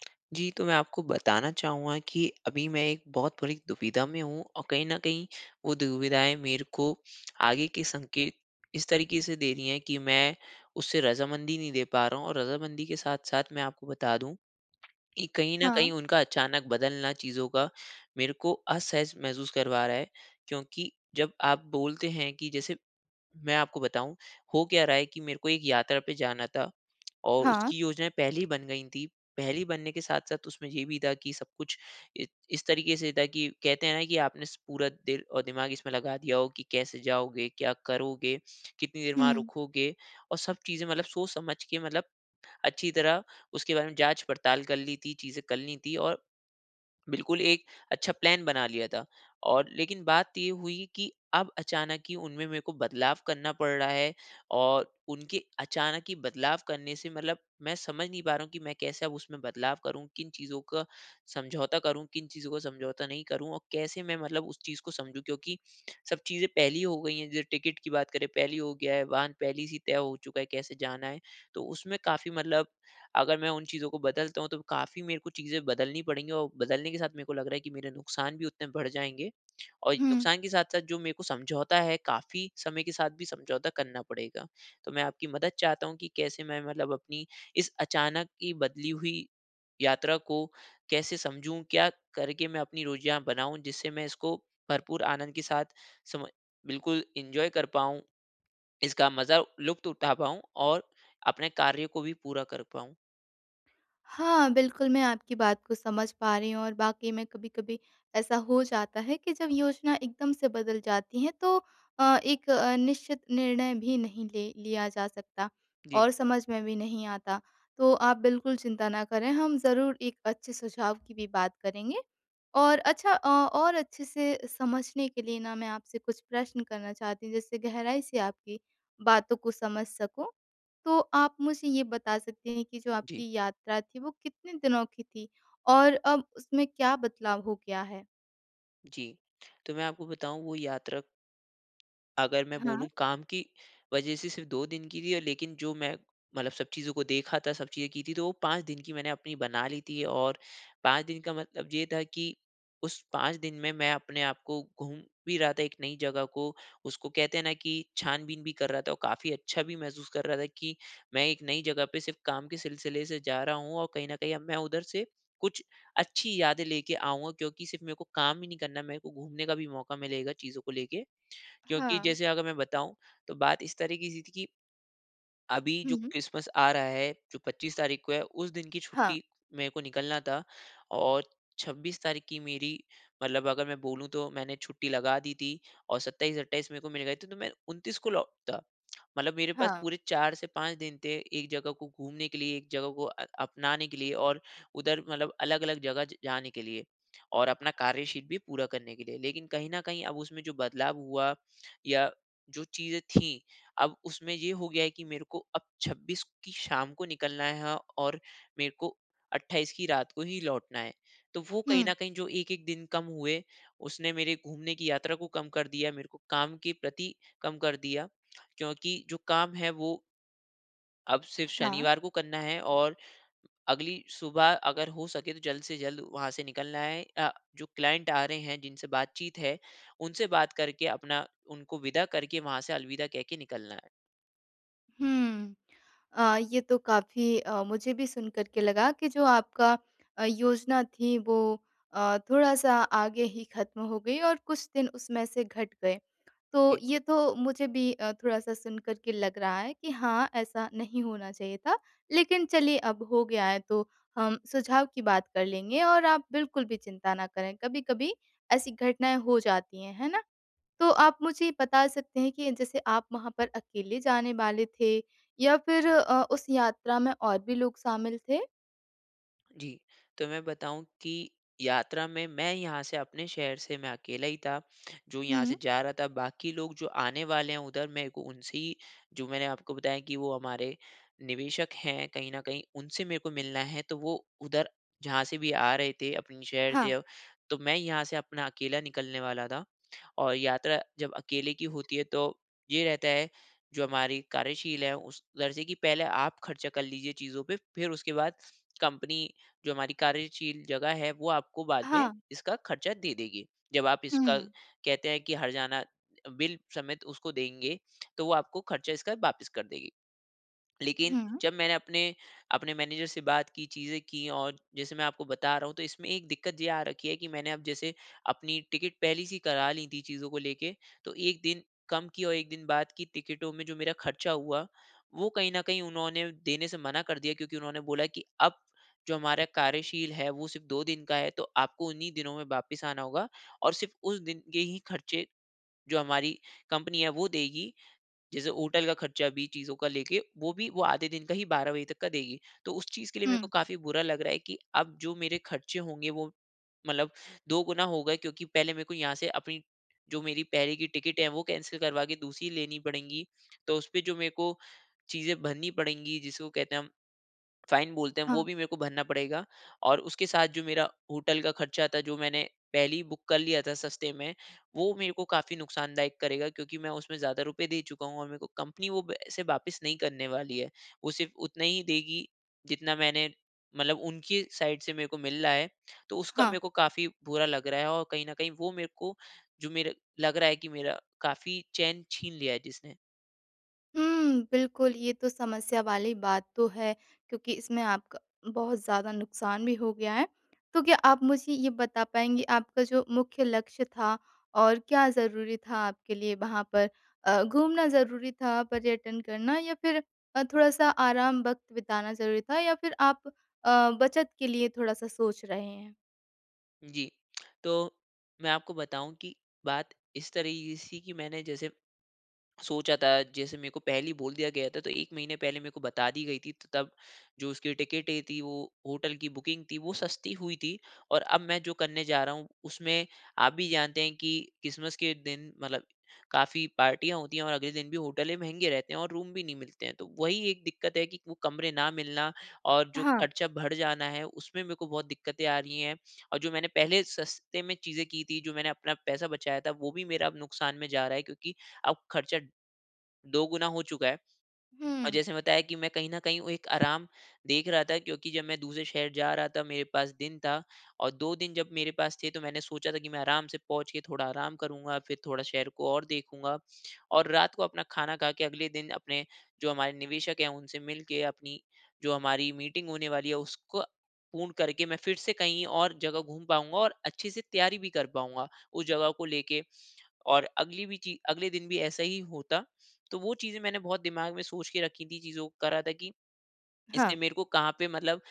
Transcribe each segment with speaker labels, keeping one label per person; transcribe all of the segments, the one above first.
Speaker 1: जी, तो मैं आपको बताना चाहूँगा कि अभी मैं एक बहुत बड़ी दुविधा में हूँ। और कहीं न कहीं वो दुविधाएँ मेरे को आगे के संकेत इस तरीके से दे रही है कि, मैं उससे रज़ामंदी नहीं दे पा रहा हूँ। और रज़ामंदी के साथ-साथ मैं आपको बता दूँ कि, कहीं न
Speaker 2: हाँ।
Speaker 1: कहीं उनका अचानक बदलना चीज़ों का मेरे को असहज महसूस करवा रहा है। क्योंकि जब आप बोलते है कि जैसे मैं आपको बताऊँ हो क्या रहा है की मेरे को एक यात्रा पे जाना था और
Speaker 2: हाँ।
Speaker 1: उसकी योजनाएँ पहले ही बन गयी थी। पहले ही बनने के साथ-साथ उसमें, ये भी था की सब कुछ इ इस तरीके से था कि कहते है ना, की आपने स पूरा दिल और दिमाग इसमें लगा दिया हो की कैसे जाओगे, क्या करोगे, कितनी देर वहाँ
Speaker 2: हुँ।
Speaker 1: रुकोगे, और सब चीज़े मतलब सोच समझ के मतलब अच्छी तरह उसके बारे में जाँच पड़ताल कर ली थी, चीज़े कर ली थी और बिल्कुल एक अच्छा प्लान बना लिया था। और लेकिन बात ये हुई कि अब अचानक ही उनमें मेरे को बदलाव करना पड़ रहा है। और उनके अचानक ही बदलाव करने से मतलब मैं समझ नहीं पा रहा हूँ की मैं कैसे अब उसमें बदलाव करूँ? किन चीज़ों का समझौता करूँ? किन चीज़ों का समझौता नहीं करूँ? और कैसे मैं मतलब उस चीज़ को समझू? क्योंकि सब चीज़े पहले ही हो गयी हैं। जो टिकट की बात करें, पहले ही हो गया है। वाहन पहले से तय हो चूका है कैसे जाना है। तो उसमें काफ़ी मतलब अगर मैं उन चीज़ों को बदलता हूँ तो काफ़ी मेरे को चीज़े बदलनी पड़ेगी। और बदलने के साथ मेरे को लग रहा है की मेरे नुकसान भी उतने बढ़ जाएँगे। और
Speaker 2: हुँ।
Speaker 1: नुकसान के साथ-साथ जो मेरे को समझौता है काफ़ी समय के साथ भी समझौता करना पड़ेगा। तो मैं आपकी मदद चाहता हूँ कि कैसे मैं मतलब अपनी इस अचानक की बदली हुई यात्रा को कैसे समझूँ? क्या करके मैं अपनी रोज़ियाँ बनाऊँ? जिससे मैं इसको भरपूर आनंद के साथ, समय बिल्कुल एन्जॉय कर पाऊँ? इसका मज़ा लुत्फ़ उठा पाऊँ? और अपने कार्य को भी पूरा कर पाऊँ?
Speaker 2: हाँ, बिल्कुल। मैं आपकी बात को समझ पा रही हूँ। और वाक़ई में कभी-कभी ऐसा हो जाता है कि जब योजना एक दम से बदल जाती है तो अ, एक अ, निश्चित निर्णय भी नहीं ले लिया जा सकता
Speaker 1: जी।
Speaker 2: और समझ में भी नहीं आता। तो आप बिल्कुल चिंता ना करें हम ज़रूर एक अच्छे सुझाव की भी बात करेंगे। और अच्छा अ, और अच्छे से समझने के लिए ना मैं आपसे कुछ प्रश्न करना चाहती जिससे गहराई से आपकी बातों को समझ सकूँ। तो आप मुझे ये बता सकते हैं कि जो
Speaker 1: जी।
Speaker 2: आपकी यात्रा थी वो कितने दिनों की थी? और अब उसमें क्या बदलाव हो गया है?
Speaker 1: जी, तो मैं आपको बताऊँ वो यात्रा अगर मैं
Speaker 2: हाँ।
Speaker 1: बोलूँ काम की वज़ह से सिर्फ़ 2 दिन की थी। लेकिन जो मैं मतलब सब चीज़ों को देखा था सब चीज़ें की थी तो वो 5 दिन की मैंने अपनी बना ली थी। और 5 दिन का मतलब ये था कि उस 5 दिन में मैं अपने आप को घूम भी रहा था एक नई जगह को, उसको कहते हैं ना कि छान-बीन भी कर रहा था ओ, काफ़ी अच्छा भी महसूस कर रहा था कि मैं एक नई जगह पे सिर्फ़ काम के सिलसिले से जा रहा हूँ और कहीं न कहीं अब मैं उधर से कुछ अच्छी यादें लेके आऊँगा। क्योंकि सिर्फ़ मेरे को काम ही नहीं करना, मेरे को घूमने का भी मौक़ा मिलेगा चीज़ों को लेके। क्योंकि
Speaker 2: हाँ।
Speaker 1: जैसे अगर मैं बताऊँ, तो बात इस तरह की सी थी की अभी जो
Speaker 2: हुँ।
Speaker 1: क्रिसमस आ रहा है जो 25 तारीख़ को है उस दिन की
Speaker 2: हाँ।
Speaker 1: छुट्टी, मेरे को निकलना था और 26 तारीख़ की मेरी मतलब अगर मैं बोलूँ तो मैंने छुट्टी लगा दी थी और 27-28 मेरे को मिल गए थे, तो मैं 29 को लौटता। मतलब मेरे पास
Speaker 2: हाँ।
Speaker 1: पूरे 4 से 5 दिन थे एक जगह को घूमने के लिए, एक जगह को अ, अपनाने के लिए और उधर मतलब अलग-अलग जगह ज जाने के लिए। और अपना कार्य-शीट भी पूरा करने के लिए। लेकिन कहीं न कहीं अब उसमें जो बदलाव हुआ या जो चीज़ें थी अब उसमें ये हो गया है कि मेरे को अब 26 की शाम को निकलना है और मेरे को 28 की रात को ही लौटना है। तो वो कहीं न
Speaker 2: हुँ।
Speaker 1: कहीं जो 1-1 दिन कम हुए, उसने मेरे घूमने की यात्रा को कम कर दिया, मेरे को काम के प्रति कम कर दिया। क्योंकि जो काम है वो अब सिर्फ़
Speaker 2: हाँ।
Speaker 1: शनिवार को करना हैं और, अगली सुबह अगर हो सके तो जल्द से जल्द वहाँ से निकलना है अ, जो क्लाइंट आ रहे हैं, जिनसे बात-चीत है, उनसे बात करके अपना उनको विदा करके वहाँ से अलविदा कहके निकलना है।
Speaker 2: हुँ। अ, ये तो काफ़ी अ, मुझे भी सुन कर के लगा कि जो आपका अ, योज़ना थी वो, अ, थोड़ा-सा आगे ही ख़त्म हो गई और कुछ दिन उसमें से घट गए, तो
Speaker 1: जी।
Speaker 2: ये तो मुझे भी अ, थोड़ा-सा सुन कर के लग रहा है कि हाँ, ऐसा नहीं होना चाहिए था। लेकिन चलिए अब हो गया है तो, हम सुझाव की बात कर लेंगे और आप बिल्कुल भी चिंता ना करें कभी-कभी, ऐसी घटनाएँ हो जाती हैं, है ना? तो आप मुझे बता सकते हैं कि जैसे आप वहाँ पर अकेले जाने वाले थे या फिर अ, उस यात्रा में और भी लोग शामिल थे?
Speaker 1: जी। तो मैं बताऊँ कि, यात्रा में मैं यहाँ से अपने शहर से मैं अकेला ही था, जो यहाँ
Speaker 2: हुँ।
Speaker 1: से जा रहा था, बाकी लोग जो आने वाले हैं उधर, मेरे को उनसे ही, जो मैंने आपको बताया कि वो हमारे, निवेशक हैं कहीं न कहीं, उनसे मेरे को मिलना है, तो वो उधर, जहाँ से भी आ रहे थे अपने शहर से
Speaker 2: हाँ।
Speaker 1: अब, तो मैं यहाँ से अपना अकेला निकलने वाला था। और यात्रा जब अकेले की होती है तो, ये रहता है, जो हमारी कार्यशील है, उस दर्जे की पहले आप खर्चा कर लीजिए चीज़ों पे फिर उसके बाद, कंपनी जो हमारी कार्यशील जगह है, वो आपको बाद में
Speaker 2: हाँ।
Speaker 1: इसका खर्चा दे देगी। जब आप
Speaker 2: हुँ,
Speaker 1: इसका
Speaker 2: हुँ।
Speaker 1: कहते हैं कि हर्जाना अ, बिल समेत उसको देंगे तो वो आपको खर्चा इसका वापिस कर देगी। लेकिन
Speaker 2: हुँ।
Speaker 1: जब मैंने अपने अपने मैनेजर से बात की, चीजें की और, जैसे मैं आपको बता रहा हूँ तो इसमें एक दिक्कत जे आ रखी है कि मैंने अब जैसे, अपनी टिकट पहले से ही करा लीं थीं चीज़ों को लेके, तो 1 दिन कम की और 1 दिन बाद की टिकटों में जो मेरा खर्चा हुआ, वो कहीं न कहीं उन्होंने देने से मना कर दिया क्योंकि उन्होंने बोला कि अब, जो हमारा कार्यशील है, वो सिर्फ़ 2 दिन का है तो आपको उन्ही दिनों में वापस आना होगा और सिर्फ उस दिन के ही खर्चे, जो हमारी कंपनी है वो देगी। जैसे होटल का खर्चा भी, चीज़ों का लेके, वो भी वो आधे दिन का ही 12 बजे तक का देगी। तो उस चीज के लिए मेरे को
Speaker 2: हुँ।
Speaker 1: काफ़ी बुरा लग रहा है कि, अब जो मेरे खर्चे होंगे वो, मतलब 2 गुना हो गए क्योंकि पहले मेरे को यहाँ से अपनी, जो मेरी पहले की टिकट है वो कैंसल करवा के दूसरी लेनी पड़ेंगी, तो उसपे जो मेरे को, चीज़ें भरनी पड़ेगी जिसको कहते हैं हम, फ़ाइन बोलते हैं, वो
Speaker 2: हाँ।
Speaker 1: भी मेरे को भरना पड़ेगा और उसके साथ जो मेरा होटल का खर्चा था जो मैंने, पहले ही बुक कर लिया था सस्ते में, वो मेरे को काफ़ी नुकसानदायक करेगा क्योंकि मैं उसमें ज़्यादा रुपए दे चूका हूँ और मेरे को कंपनी वो पैसे वापस नहीं करने वाली है। वो सिर्फ़ उतना ही देगी, जितना मैंने, मतलब उनकी साइड से मेरे को मिल रहा है, तो उसका
Speaker 2: हाँ।
Speaker 1: मेरे को काफ़ी बुरा लग रहा है और कहीं न कहीं वो मेरे को, जो मेरा लग रहा है कि मेरा काफ़ी चैन छीन लिया है जिसने।
Speaker 2: हुँ, बिल्कुल, ये तो समस्या वाली बात तो है क्योंकि इसमें आपका बहुत ज़्यादा नुकसान भी हो गया है। तो क्या आप मुझे ये बता पाएँगे आपका जो मुख्य लक्ष्य था और क्या ज़रूरी था आपके लिए वहाँ पर? अ, घूमना ज़रूरी था पर्यटन करना या फिर अ, थोड़ा-सा आराम वक़्त बिताना ज़रूरी था? या फिर आप अ, बचत के लिए थोड़ा-सा सोच रहे हैं?
Speaker 1: जी। तो, मैं आपको बताऊँ कि बात इस तरह की सी कि मैंने जैसे सोचा था जैसे मेरे को पहले ही बोल दिया गया था तो 1 महीने पहले मेरे को बता दी गयी थी तो तब, जो उसकी टिकटें थी वो होटल की बुकिंग थी वो सस्ती हुई थी, और अब मैं जो करने जा रहा हूँ, उसमें आप भी जानते हैं की क्रिस्मस के दिन मतलब काफ़ी पार्टियाँ होती है और अगले दिन भी होटले महँगे रहते हैं और रूम भी नहीं मिलते हैं, तो वही एक दिक्कत है कि वो कमरे ना मिलना और जो
Speaker 2: हाँ।
Speaker 1: खर्चा बढ़ जाना है उसमें मेरे को बहुत दिक्कतें आ रही हैं, और जो मैंने पहले सस्ते में चीज़े की थी, जो मैंने अपना पैसा बचाया था वो भी मेरा अब नुकसान में जा रहा है क्योंकि अब खर्चा दोगुना हो चूका है। और
Speaker 2: हुँ।
Speaker 1: जैसे बताया कि मैं कहीं न कहीं वो एक आराम देख रहा था, क्योंकि जब मैं दूसरे शहर जा रहा था मेरे पास दिन था और 2 दिन जब मेरे पास थे तो मैंने सोचा था कि मैं आराम से पहुँच के थोड़ा आराम करूँगा फिर थोड़ा शहर को और देखूँगा और रात को अपना खाना खा के अगले दिन अपने जो हमारे निवेशक हैं उनसे मिलके अपनी जो हमारी मीटिंग होने वाली है उसको पूर्ण करके मैं फिर से कहीं और जगह घूम पाऊँगा और अच्छे से तैयारी भी कर पाऊँगा उस जगह को लेके। और अगली भी ची अगले दिन भी ऐसा ही होता। तो वो चीज़ें मैंने बहुत दिमाग में सोच के रखी थी चीज़ों को करा था कि इससे
Speaker 2: हाँ।
Speaker 1: मेरे को कहाँ पे मतलब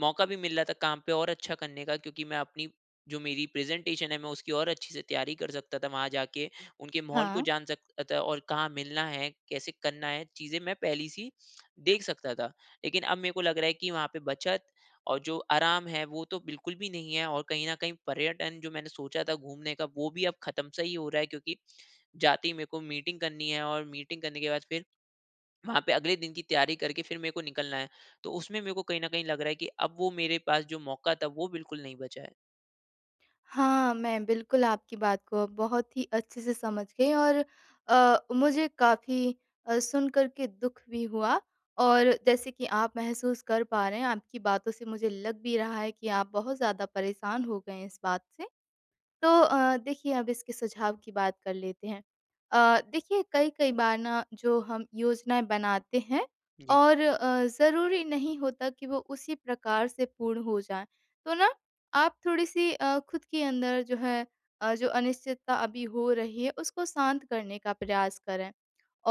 Speaker 1: मौका भी मिल रहा था काम पे और अच्छा करने का क्योंकि मैं अपनी जो मेरी प्रेजेंटेशन है मैं उसकी और अच्छी से तैयारी कर सकता था वहाँ जाके, उनके माहौल को
Speaker 2: हाँ।
Speaker 1: जान सकता था और कहाँ मिलना है? कैसे करना है? चीज़े मैं पहली-सी देख सकता था। लेकिन अब मेरे को लग रहा है की वहाँ पे बचत और जो आराम है वो तो बिल्कुल भी नहीं है और कहीं न कहीं पर्यटन जो मैंने सोचा था घूमने का वो भी अब खत्म-सा ही हो रहा है, क्योंकि जाते ही मेरे को मीटिंग करनी है और मीटिंग करने के बाद फिर, वहाँ पे अगले दिन की तैयारी करके फिर मेरे को निकलना है। तो उसमें मेरे को कहीं ना कहीं लग रहा है की, अब वो मेरे पास जो मौका था, वो बिल्कुल नहीं बचा है।
Speaker 2: हाँ, मैं बिल्कुल आपकी बात को अब बहुत ही अच्छे से समझ गई और अ, मुझे काफ़ी अ, सुनकर के दुख भी हुआ, और जैसे कि आप महसूस कर पा रहे हैं आपकी बातों से मुझे लग भी रहा है कि आप बहुत ज़्यादा परेशान हो गए हैं इस बात से तो अ, देखिए अब इसके सुझाव की बात कर लेते हैं। अ, देखिए कई-कई बार ना जो हम योजनाएँ बनाते हैं
Speaker 1: जी।
Speaker 2: और अ, ज़रूरी नहीं होता कि वो उसी प्रकार से पूर्ण हो जाए, तो ना आप थोड़ी-सी अ, खुद के अंदर जो है अ, जो अनिश्चितता अभी हो रही है उसको शांत करने का प्रयास करें।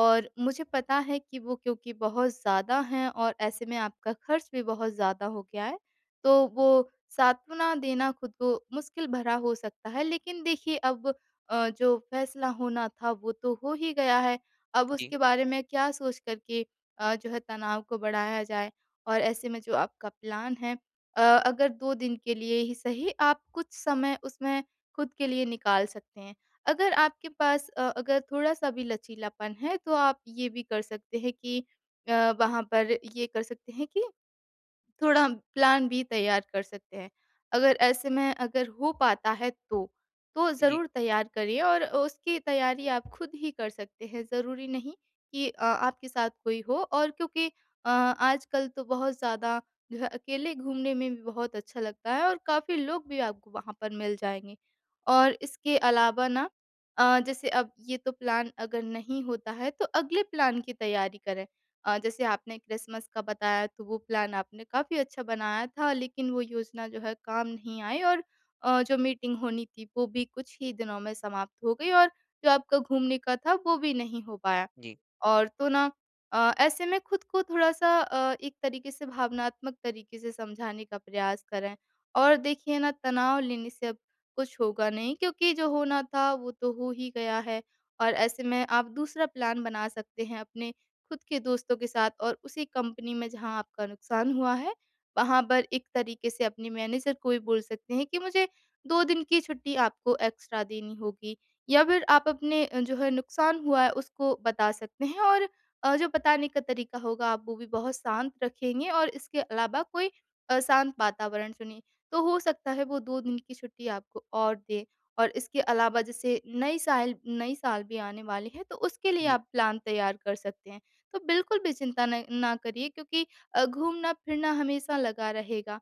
Speaker 2: और मुझे पता है कि वो क्योंकि बहुत ज़्यादा हैं और ऐसे में आपका खर्च भी बहुत ज़्यादा हो गया है तो वो सांत्वना देना खुद को मुश्किल भरा हो सकता है, लेकिन देखिए अब अ, जो फ़ैसला होना था वो तो हो ही गया है। अब
Speaker 1: जी।
Speaker 2: उसके बारे में क्या सोच कर के अ, जो है तनाव को बढ़ाया जाए और ऐसे में जो आपका प्लान है अ, अगर 2 दिन के लिए ही सही आप कुछ समय उसमें खुद के लिए निकाल सकते हैं, अगर आपके पास अ, अगर थोड़ा-सा भी लचीलापन है तो आप ये भी कर सकते हैं कि अ, वहाँ पर ये कर सकते हैं कि थोड़ा प्लान बी तैयार कर सकते हैं। अगर ऐसे में अगर हो पाता है तो, तो
Speaker 1: जी।
Speaker 2: ज़रूर तैयार करिए और अ, उसकी तैयारी आप खुद ही कर सकते हैं ज़रूरी नहीं कि अ, आपके साथ कोई हो और क्योंकि अ, आजकल तो बहुत ज़्यादा जो है अकेले घूमने में भी बहुत अच्छा लगता है और काफ़ी लोग भी आपको वहाँ पर मिल जाएँगे। और इसके अलावा ना अ, जैसे अब ये तो प्लान अगर नहीं होता है तो अगले प्लान की तैयारी करें। अ, जैसे आपने क्रिसमस का बताया तो वो प्लान आपने काफ़ी अच्छा बनाया था लेकिन वो योज़ना जो है काम नहीं आई और अ, जो मीटिंग होनी थी वो भी कुछ ही दिनों में समाप्त हो गई और जो आपका घूमने का था वो भी नहीं हो पाया।
Speaker 1: जी।
Speaker 2: और तो ना अ, ऐसे में खुद को थोड़ा-सा अ, एक तरीके से भावनात्मक तरीके से समझाने का प्रयास करें और देखिए ना तनाव लेने से अब कुछ होगा नहीं क्योंकि जो होना था वो तो हो ही गया है। और ऐसे में आप दूसरा प्लान बना सकते हैं, अपने खुद के दोस्तों के साथ और उसी कंपनी में जहाँ आपका नुकसान हुआ है, वहाँ पर एक तरीके से अपने मैनेजर को भी बोल सकते हैं कि मुझे 2 दिन की छुट्टी आपको एक्स्ट्रा देनी होगी या फिर आप अपने जो है नुकसान हुआ है उसको बता सकते हैं और अ, जो बताने का तरीका होगा आप वो भी बहुत शांत रखेंगे और इसके अलावा कोई अ, शांत वातावरण चुनिए, तो हो सकता है वो 2 दिन की छुट्टी आपको और दें। और इसके अलावा जैसे नई साल नई साल भी आने वाली है तो उसके लिए
Speaker 1: जी।
Speaker 2: आप प्लान तैयार कर सकते हैं। तो बिल्कुल भी चिंता न ना करिए क्योंकि अ, घूमना-फिरना हमेशा लगा रहेगा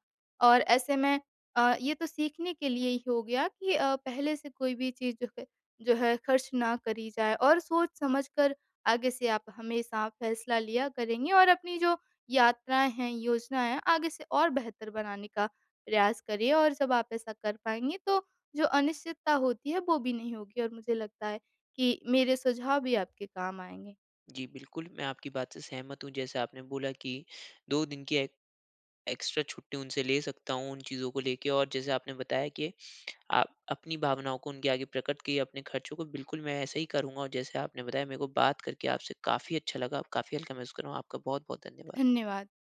Speaker 2: और ऐसे में अ, ये तो सीखने के लिए ही हो गया कि अ, पहले से कोई भी चीज़ जो है जो है खर्च ना करी जाए और सोच-समझ कर आगे से आप हमेशा फ़ैसला लिया करेंगे और अपनी जो यात्राएँ हैं, योजनाएँ हैं आगे से और बेहतर बनाने का प्रयास करिए और जब आप ऐसा कर पाएँगे तो जो अनिश्चितता होती है वो भी नहीं होगी। और मुझे लगता है कि मेरे सुझाव भी आपके काम आएँगे।
Speaker 1: जी, बिल्कुल मैं आपकी बात से सहमत हूँ जैसे आपने बोला कि 2 दिन की एक एक्स्ट्रा छुट्टी उनसे ले सकता हूँ, उन चीज़ों को लेके और जैसे आपने बताया कि आ अपनी भावनाओं को उनके आगे प्रकट किए, अपने खर्चों को बिल्कुल मैं ऐसा ही करूँगा और जैसे आपने बताया मेरे को बात करके आपसे काफ़ी अच्छा लगा अब काफ़ी हल्का महसूस कर रहा हूँ। आपका बहुत-बहुत धन्यवाद।
Speaker 2: धन्यवाद।